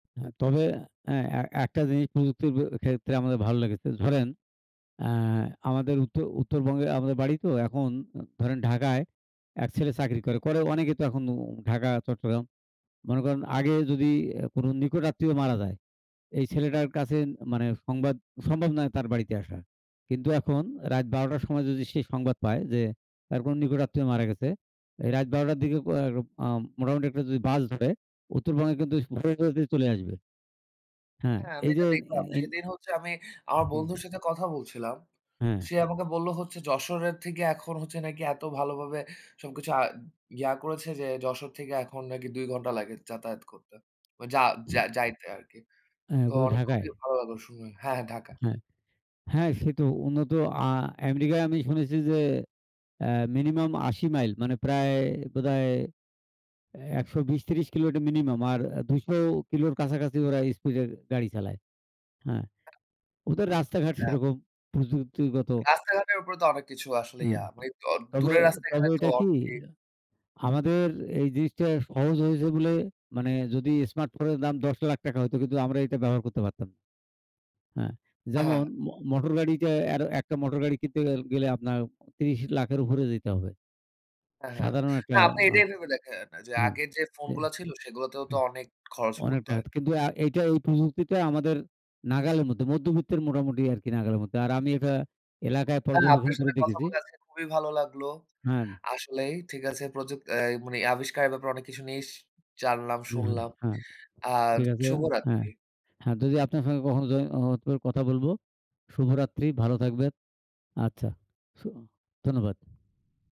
হ্যাঁ, তবে অ্যা অ্যা এ একটা জিনিস প্রযুক্তির ব ক্ষেত্রে আমাদের ভাল লেগেছে। ধরেন অ্যা আমাদের উও উত্তরবঙ্গে আমাদের বাড়ি তো এখন অ ধরেন ঢাকায় এক ছেলে চাকরি করে। করে অনেকে তো এখন অম ঢাকা চট্টগ্রাম। মনে করেন আগে যদি অ্যা কোন নিকট আত্মীয় মারা যায়, এই ছেলেটার কাছে মানে সংবাদ সম্ভব নয় তার বাড়িতে আসা। কিন্তু এখন রাইত ১২ঃ০০ টার সময় যদি সে সংবাদ পায়, যে তার কোন নিকট আত্মীয় মারা গেছে। এই রাত ১২ঃ০০ টার দিকেও কর আম মোটামুটি একটা যদি বাস ধরে উত্তরবঙ্গে কিন্তু [unintelligible] চলে আসবে। হ্যাঁ হ্যাঁ, আমি এই যে এটা এ দেখলাম এনি সেদিন হচ্ছে আমি আমার হুম। বন্ধুর সাথে কথা বলছিলাম। হ্যাঁ। সে আমাকে বললো হচ্ছে যশোরের থেকে এখন হচ্ছে নাকি এত ভালোভাবে সবকিছু আ ইয়া করেছে যে যশোর থেকে এখন নাকি ২ ঘন্টা লাগে যাতায়াত করতে। মা যা, যা যাইতে আরকি। অ্যা তো কই অনেক ঢাকায়? খুবই ভালো লাগলো শুনে হ্যাঁ, হ্যাঁ ঢাকা। হ্যাঁ, হ্যাঁ সে তো উন্নত আ আমেরিকায় আমি শুনেছি যে অ্যা মিনিমাম ৮০ মাইল মানে প্রায় বোধহয় ১২০-৩০ কিলো এটা মিনিমাম আর অ্যা ২০০ কিলোর কাছাকাছি ওরা স্পিডে গাড়ি চালায়। হ্যাঁ, ওদের রাস্তাঘাট হ্যাঁ। সেরকম প্রযুক্তিগত রাস্তাঘাটের উপরে তো অনেক কিছু আসলে অ্যা ইয়া মানি দ তবে, দূরের তবে রাস্তাঘাটে তো ঐটা কি অনেকেই আমাদের এই জিনিসটা সহজ হয়েছে বলে মানে যদি স্মার্টফোনের দাম ৳১০,০০,০০০ হইত কিন্তু আমরা এটা ব্যবহার করতে পারতাম। অ্যা হ্যাঁ, যেমন হ্যাঁ। মো মোটর গাড়িটা এর একটা মোটর গাড়ি কিনতে গেল গেলে আপনার ৩০,০০,০০০ এর উপরে যাইতে দিতে হবে। অ্যা হ্যাঁ, সাধারণ না একটা আপনি অ এটাই ভেবে দেখেন, যে হ্যাঁ আগের যে ফোন এ, হু গুলা ছিল সেগুলাতেও তো অনেক খরচ পড়তে অনেকটা হয়। হয়তো কিন্তু আ এইটা ওই প্রযুক্তিটাই আমাদের নাগালের মধ্যে মধ্যবিত্তের মোটামুটি আরকি নাগালের মধ্যে। আর আমি এটা এলাকায় হ্যাঁ পর্যবেক্ষণ আপনার করে সাথে কথা দেখেছি বলে আজকে খুবই ভালো লাগলো। হান আসলেই ঠিক আছে প্রযুক অ্যাই মানি আবিষ্কারের ব্যাপারে অনেক কিছু নিস জানলাম, উম হ্যাঁ, শুনলাম। হ্যাঁ। আর ঠিক আছে। হ্যাঁ। শুভরাত্রি। হ্যাঁ যদি আপনার সাথে কখনো য হ কথা বলব। শুভরাত্রি ভালো থাকবেন। আচ্ছা, স ধন্যবাদ।